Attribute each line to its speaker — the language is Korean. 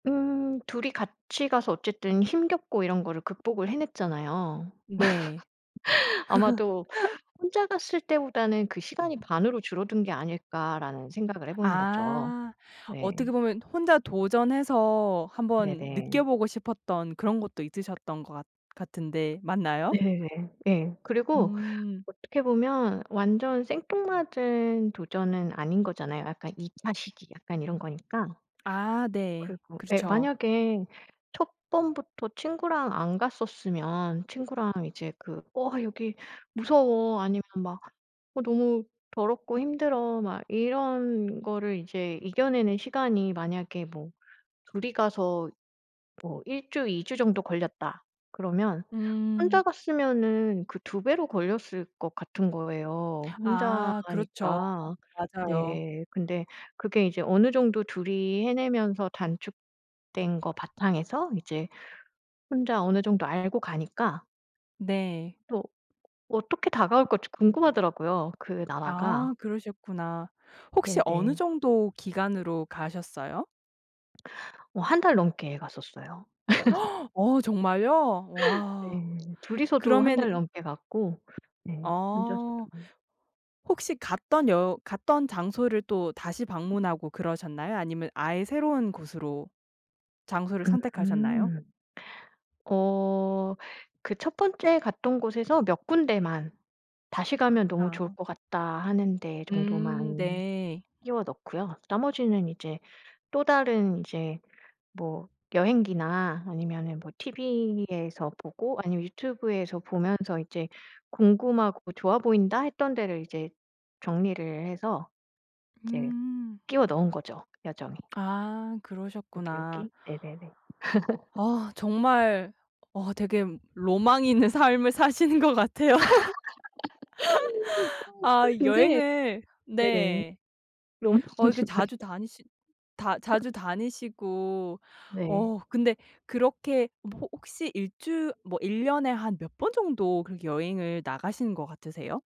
Speaker 1: 음. 둘이 같이 가서 어쨌든 힘겹고 이런 거를 극복을 해냈잖아요.
Speaker 2: 네.
Speaker 1: 아마도 '혼자 갔을 때보다는 그 시간이 반으로 줄어든 게 아닐까.'라는 생각을 해 보는 거죠.
Speaker 2: 아.
Speaker 1: 네.
Speaker 2: 어떻게 보면 혼자 도전해서 한번
Speaker 1: 네네.
Speaker 2: 느껴 보고 싶었던 그런 것도 있으셨던 것 같 같은데 맞나요?
Speaker 1: 네네. 예. 그리고
Speaker 2: 음.
Speaker 1: 어떻게 보면 완전 생뚱맞은 도전은 아닌 거잖아요. 약간 2 차 시기 약간 이런 거니까.
Speaker 2: 아 네.
Speaker 1: 그리고 예.
Speaker 2: 그렇죠.
Speaker 1: 만약에 첫 번부터 친구랑 안 갔었으면 친구랑 이제 그 "어 여기 무서워." 아니면 막 "어 너무 더럽고 힘들어." 막 이런 거를 이제 이겨내는 시간이 만약에 뭐 둘이 가서 뭐 1 주, 2 주 정도 걸렸다 그러면 혼자
Speaker 2: 음.
Speaker 1: 갔으면은 그 2 배로 걸렸을 것 같은 거예요
Speaker 2: 아 그렇죠.
Speaker 1: 혼자니까.
Speaker 2: 맞아요.
Speaker 1: 네. 근데 그게 이제 어느 정도 둘이 해내면서 단축된 것 바탕에서 이제 혼자 어느 정도 알고 가니까
Speaker 2: 네.
Speaker 1: 또 어떻게 다가올까 좀 궁금하더라고요 그 나라가.
Speaker 2: 아. 그러셨구나. 혹시 어느
Speaker 1: 네네.
Speaker 2: 정도 기간으로 가셨어요?
Speaker 1: 어 1 달 넘게 갔었어요.
Speaker 2: 어 정말요? 와.
Speaker 1: 네 둘이서도 1 달
Speaker 2: 그러면은
Speaker 1: 넘게 갔고. 네.
Speaker 2: 어.
Speaker 1: 혼자서도.
Speaker 2: 혹시 갔던 여 갔던 장소를 또 다시 방문하고 그러셨나요? 아니면 아예 새로운 곳으로 장소를 선택하셨나요?
Speaker 1: 음. 어. 그 첫 번째 갔던 곳에서 몇 군데만 '다시 가면 너무 좋을
Speaker 2: 아.
Speaker 1: 것 같다.' 하는 데
Speaker 2: 음.
Speaker 1: 정도만
Speaker 2: 네.
Speaker 1: 끼워 넣고요. 나머지는 이제 또 다른 이제 뭐 여행기나 아니면은 뭐 티브이에서 보고 아니면 유튜브에서 보면서 이제 궁금하고 좋아 보인다 했던 데를 이제 정리를 해서 이제
Speaker 2: 음.
Speaker 1: 끼워 넣은 거죠 여정에.
Speaker 2: 아.
Speaker 1: 여기,
Speaker 2: 그러셨구나.
Speaker 1: 여기. 네네네.
Speaker 2: 아. 정말. 와 되게 로망이 있는 삶을 사시는 것 같아요. 아
Speaker 1: 근데
Speaker 2: 여행을
Speaker 1: 네네.
Speaker 2: 네.
Speaker 1: 너무
Speaker 2: 어 이렇게
Speaker 1: [unintelligible]
Speaker 2: 자주 다니시 다 자주 다니시고.
Speaker 1: 네.
Speaker 2: 어 근데 그렇게 호 혹시 1 주 뭐 1 년에 한 몇 번 정도 그렇게 여행을 나가시는 것 같으세요?